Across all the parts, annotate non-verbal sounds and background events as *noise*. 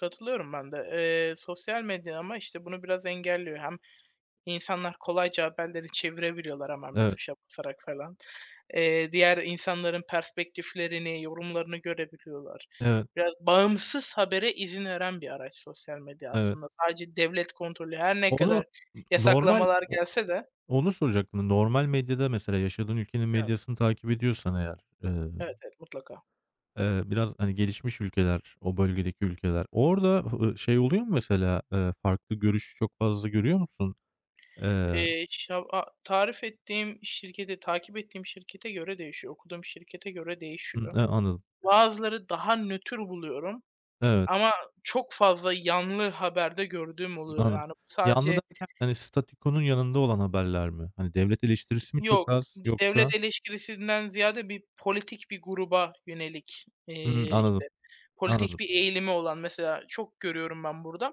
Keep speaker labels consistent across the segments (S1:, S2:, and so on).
S1: Katılıyorum ben de. Eee, sosyal medya ama işte bunu biraz engelliyor. Hem insanlar kolayca haberleri çevirebiliyorlar, hemen bir
S2: Eve
S1: tuşa basarak falan. Eee, diğer insanların perspektiflerini, yorumlarını görebiliyorlar.
S2: Evet.
S1: Biraz bağımsız habere izin veren bir araç sosyal medya
S2: Evet.
S1: aslında. Sadece devlet kontrolü, her ne
S2: Onu
S1: kadar
S2: n normal,
S1: yasaklamalar
S2: o
S1: gelse de.
S2: onu soracaktım. Normal medyada, mesela yaşadığın ülkenin
S1: Evet.
S2: medyasını takip ediyorsan eğer,
S1: Evet,
S2: ııı,
S1: evet, mutlaka.
S2: biraz, hani, gelişmiş ülkeler, o bölgedeki ülkeler... Orada, ııı, şey oluyor mu mesela? Iıı, farklı görüş çok fazla görüyor musun? Iıı
S1: Eee, şav a Tarif ettiğim şirkete, takip ettiğim şirkete göre değişiyor, okuduğum şirkete göre
S2: Imm,
S1: değişiyor.
S2: eee, anladım.
S1: Bazıları daha nötr buluyorum
S2: Evet.
S1: ama çok fazla yanlı haber de gördüğüm
S2: Iıı,
S1: oluyor,
S2: anladım.
S1: yani
S2: Yanlı
S1: sadece
S2: derken, hani, statükonun yanında olan haberler mi? Hani devlet
S1: İ
S2: eleştirisi mi çok
S1: yok,
S2: az,
S1: d
S2: yoksa?
S1: devlet eleştirisinden ziyade, bir politik bir gruba yönelik
S2: Hımm,
S1: eee
S2: anladım.
S1: işte politik
S2: Anladım.
S1: bir eğilimi olan... Mesela çok görüyorum ben burada,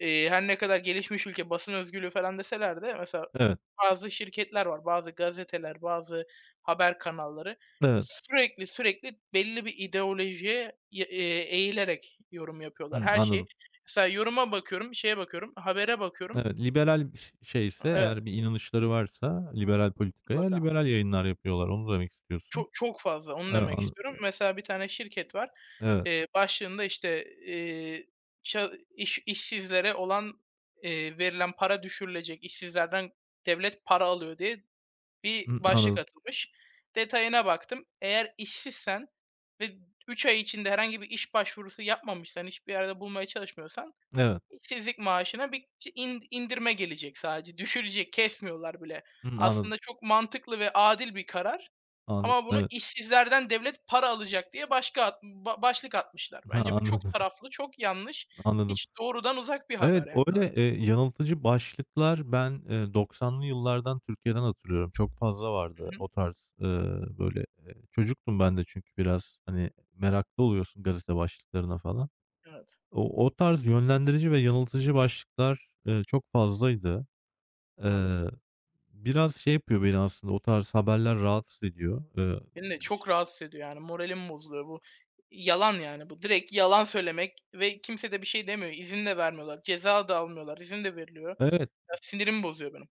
S1: eee her ne kadar gelişmiş ülke basın özgürlüğü falan deselerde mesela
S2: Evet.
S1: bazı şirketler var, bazı gazeteler, bazı haber kanalları;
S2: N evet.
S1: sürekli sürekli belli bir ideolojiye, ya, eee, eğilerek yorum yapıyorlar
S2: Hımm,
S1: her şey.
S2: anladım.
S1: Mesela yoruma bakıyorum, şeye bakıyorum, habere bakıyorum.
S2: Evet, liberal bir şi şeyse,
S1: Iıı, evet.
S2: eğer bir inanışları varsa liberal politikaya,
S1: Mutlaka.
S2: liberal yayınlar yapıyorlar. Onu demek istiyorsun.
S1: Ço çok fazla, onu
S2: Iıı,
S1: demek
S2: anla
S1: istiyorum.
S2: ı
S1: Mesela bir tane şirket var.
S2: Evet.
S1: Eee, başlığında işte, eee, "A iş işsizlere olan, eee, verilen para düşürülecek, işsizlerden devlet para alıyor" diye bir
S2: Hımm,
S1: başlık
S2: anladım.
S1: atılmış. Detayına baktım. Eğer işsizsen ve 3 ay içinde herhangi bir iş başvurusu yapmamışsan, hiçbir yerde bulmaya çalışmıyorsan,
S2: Evet.
S1: işsizlik maaşına bir in indirme gelecek sadece. Düşürecek, kesmiyorlar bile.
S2: Hımm, *smacks lips* anladım.
S1: Aslında çok mantıklı ve adil bir karar
S2: Anlad
S1: ama bunu,
S2: Evet.
S1: "İşsizlerden devlet para alacak." diye başka başlık atmışlar.
S2: Ha
S1: Bence bu çok
S2: anladım.
S1: taraflı, çok yanlış.
S2: Anladım.
S1: Hiç doğrudan uzak bir haber
S2: Evet
S1: yani, evet.
S2: öyle, eee, yanıltıcı başlıklar ben, ııı, 90'lı yıllardan Türkiye'den hatırlıyorum. Çok fazla
S1: Hı
S2: vardı,
S1: hı.
S2: o tarz, ııı, böyle. Eee, çocuktum ben de çünkü biraz hani meraklı oluyorsun gazete başlıklarına falan.
S1: Evet.
S2: O o tarz yönlendirici ve yanıltıcı başlıklar, ııı, çok fazlaydı.
S1: Maalesef.
S2: Eee, biraz şey yapıyor beni aslında; o tarz haberler rahatsız ediyor. Iıı,
S1: Beni de çok
S2: ş
S1: rahatsız ediyor, yani moralim bozuluyor. Bu yalan; yani bu, direkt yalan söylemek ve kimse de bir şey demiyor. İzin de vermiyorlar, ceza da almıyorlar; izin de veriliyor.
S2: Evet.
S1: Ya, sinirimi bozuyor benim.